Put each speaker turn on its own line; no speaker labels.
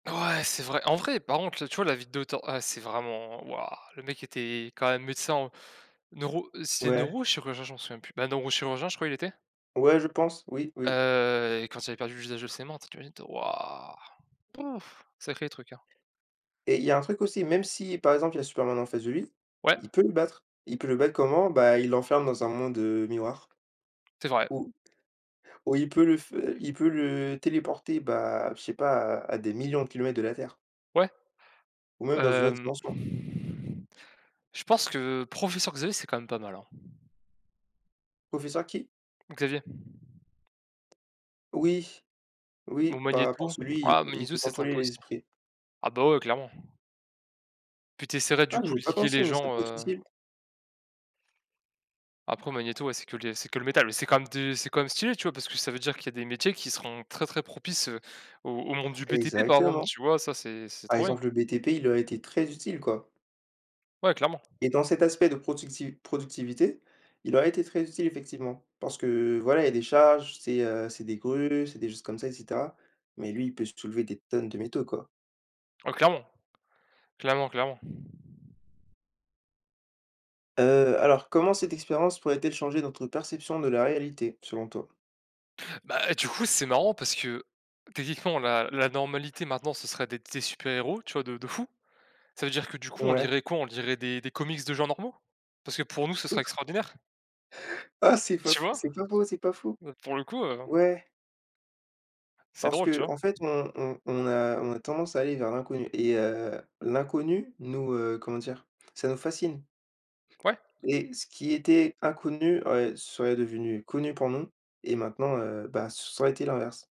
Ouais, c'est vrai. En vrai, par contre, là, tu vois la vidéo ten ah c'est vraiment, waouh. Le mec était quand même médecin en neuro c'est
Ouais.
neurologue ou chirurgien? Je m'en souviens plus. Ben neurochirurgien, je crois il était
Ouais je pense. Oui, oui.
heu et quand il avait perdu l'usage de ses mains, tes tu imagines toi? Waouh. Sacré truc, hein.
Et il y a un truc aussi. Même si par exemple il y a Superman en face de lui,
Ouais.
il peut le battre. Il peut le battre comment? Bah Il l'enferme dans un monde, heu, miroir
C'est vrai.
ou ou il peut le f il peut le téléporter bah, je sais pas à à des millions de kilomètres de la Terre.
Ouais,
Ou même dans une autre
hem
dimension.
je pense que professeur Xavier, c'est quand même pas mal, hein.
Professeur qui?
Xavier.
Oui. Oui,
Bon
bah
Magneto
parce que lui, i
ah,
il
Magneto
peut
c'est
contrôler
sympa
les
aussi.
esprits.
Ah bah ouais clairement. Puis tu essaierais du
Ah
coup
j'y ai
de
pas
liguer les
pensé, mais ça
gens,
peut être
heu
utile.
Après Magneto, ouais c'est que le c'est que le métal. C'est quand même de c'est quand même stylé tu vois? Parce que ça veut dire qu'il y a des métiers qui seront très très propices, heu, au au monde du BTP par exemple,
Exactement.
tu vois? Ça c'est c'est
Par
trop bien.
exemple le BTP, il aurait été très utile quoi.
Ouais clairement.
Et dans cet aspect de productiv productivité, il aurait été très utile effectivement parce que voilà, il y des charges, c'est, heu, c'est des grues, c'est des choses comme ça et cetera. Mais lui il peut soulever des tonnes de métaux, quoi!
Ah clairement. Clairement, clairement.
Heu, alors comment cette expérience pourrait-elle changer notre perception de la réalité, selon toi?
Bah du coup c'est marrant parce que techniquement, la la normalité maintenant ce serait d'être des super héros tu vois de de fou. Ça veut dire que du coup on
Ouais.
lirait quoi? On lirait des des comics de gens normaux? Parce que pour nous ce serait extraordinaire?
Ah! c'est pas
Tu
faux,
vois?
c'est pas faux, c'est pas faux.
Heu, pour le coup, heu
Ouais.
C'est
Parce
drôle tu vois?
qu'en fait on on on a on a tendance à aller vers l'inconnu et heu, l'inconnu nous, heu, comment dire? Ça nous fascine.
Ouais.
Et ce qui était inconnu, heu, serait devenu connu pour nous et maintenant, heu bah, ce ça aurait été l'inverse.